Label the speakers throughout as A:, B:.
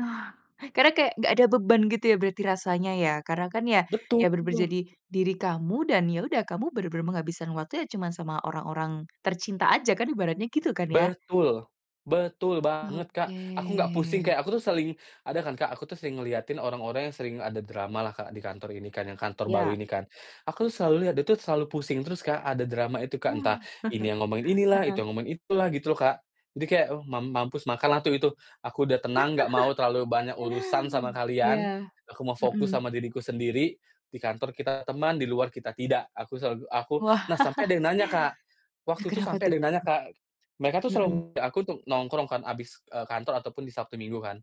A: Oh, karena kayak nggak ada beban gitu ya berarti rasanya ya? Karena kan ya ya
B: Betul.
A: benar-benar jadi diri kamu dan ya udah, kamu benar-benar menghabiskan waktu ya cuman sama orang-orang tercinta aja kan, ibaratnya gitu kan ya?
B: Betul. Betul banget, Kak,
A: Oke.
B: aku nggak pusing kayak aku tuh sering ada kan, Kak? Aku sering ngelihatin orang-orang yang sering ada dramalah, Kak, di kantor ini kan, yang kantor baru
A: Iya.
B: ini kan. Aku selalu lihat dia tuh selalu pusing terus, Kak, ada drama itu,
A: Wah.
B: Kak, entah ini yang ngomong inilah, itu
A: Heeh.
B: yang ngomong itulah, gitu loh, Kak. Jadi kayak, eee, "Mam mampus makanlah tuh itu. Aku udah tenang, nggak mau terlalu banyak urusan sama kalian.
A: Iya,
B: Aku mau fokus
A: mhm.
B: sama diriku sendiri. Di kantor kita teman, di luar kita tidak. Aku selalu aku"
A: Wah.
B: Nah, sampai ada yang nanya, Kak. Waktu
A: Gara-gara
B: itu
A: apa
B: sampai
A: tuh?
B: ada yang nanya, Kak. Mereka tuh
A: Mhm.
B: selalu [unintelligible] aku untuk nongkrong kan, habis, eee, kantor ataupun di Sabtu Minggu kan.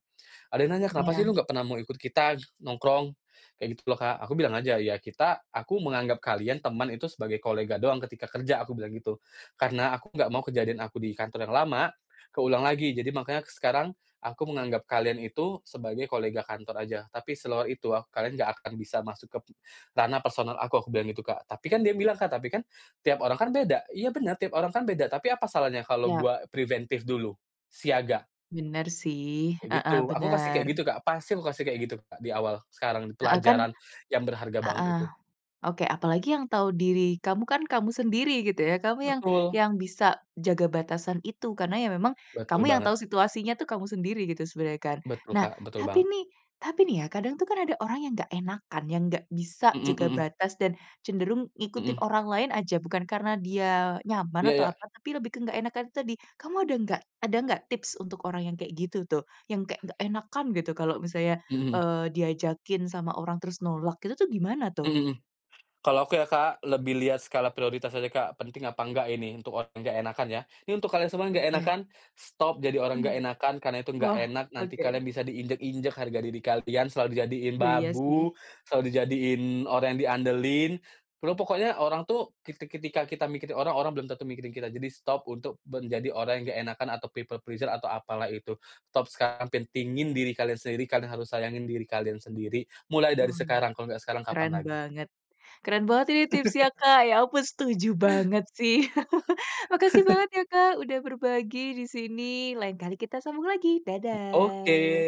B: Ada yang nanya, "Kenapa sih
A: Iya.
B: lu nggak pernah mau ikut kita nongkrong?" Kayak gitu loh, Kak. Aku bilang aja, "Ya kita aku menganggap kalian teman itu sebagai kolega doang, ketika kerja," aku bilang gitu. "Karena aku nggak mau kejadian aku di kantor yang lama keulang lagi, jadi makanya aku sekarang aku menganggap kalian itu sebagai kolega kantor aja, tapi seluar itu aku kalian nggak akan bisa masuk ke m ranah personal aku." Aku bilang gitu, Kak. Tapi kan dia bilang, Kak, "Tapi kan tiap orang kan beda." "Iya bener, tiap orang kan beda, tapi apa salahnya kalau
A: Iya.
B: gua preventif dulu? Siaga."
A: Bener sih,
B: Kayak gitu.
A: heeh,
B: Aku kasih kayak
A: bener.
B: gitu, Kak, pasti aku kasih kayak gitu, Kak, di awal, sekarang,
A: Heeh, kan
B: pelajaran yang berharga banget
A: heeh.
B: itu.
A: Oke, apalagi yang tahu diri kamu kan kamu sendiri gitu ya, kamu yang
B: Betul.
A: yang bisa jaga batasan itu karena ya memang
B: Betul
A: kamu yang tahu
B: banget.
A: situasinya tuh kamu sendiri gitu sebenarnya kan.
B: Betul,
A: Nah,
B: Kak, betul
A: tapi
B: banget.
A: nih tapi nih ya, kadang tuh kan ada orang yang nggak enakan, yang nggak bisa
B: Mhm
A: jaga
B: mhm.
A: batas dan cenderung ngikutin
B: Mhm.
A: orang lain aja, bukan karena dia nyaman
B: Iya
A: atau
B: iya.
A: apa, tapi lebih ke nggak enakan itu tadi. Kamu ada nggak ada nggak tips untuk orang yang kayak gitu tuh, yang kayak nggak enakan gitu kalau misalnya,
B: Mhm mhm.
A: eee, diajakin sama orang terus nolak gitu tuh, gimana tuh?
B: Mhm mhm. Kalau aku ya, Kak, lebih lihat skala prioritas aja, Kak, penting apa enggak ini untuk orang yang nggak enakan ya. Ini untuk kalian semua yang nggak
A: Oke.
B: enakan, stop jadi orang nggak
A: Mmm.
B: enakan, karena itu nggak
A: Wah,
B: enak, nanti
A: oke.
B: kalian bisa diinjak-injak harga diri kalian, selalu dijadiin
A: Gaya sih.
B: babu, selalu dijadiin orang yang diandalin. Pro pokoknya orang tuh ketik ketika kita mikirin orang, orang belum tentu mikirin kita, jadi stop untuk menjadi orang yang nggak enakan atau people pleaser atau apalah itu. Stop sekarang, pentingin diri kalian sendiri, kalian harus sayangin diri kalian sendiri. Mulai dari
A: Hmm,
B: sekarang, kalau nggak sekarang, kapan
A: keren
B: lagi.
A: banget. Keren banget ini tipsnya, Kak. Ya ampun setuju banget sih. Makasih banget ya, Kak, udah berbagi di sini. Lain kali kita sambung lagi,
B: Oke.
A: dadah.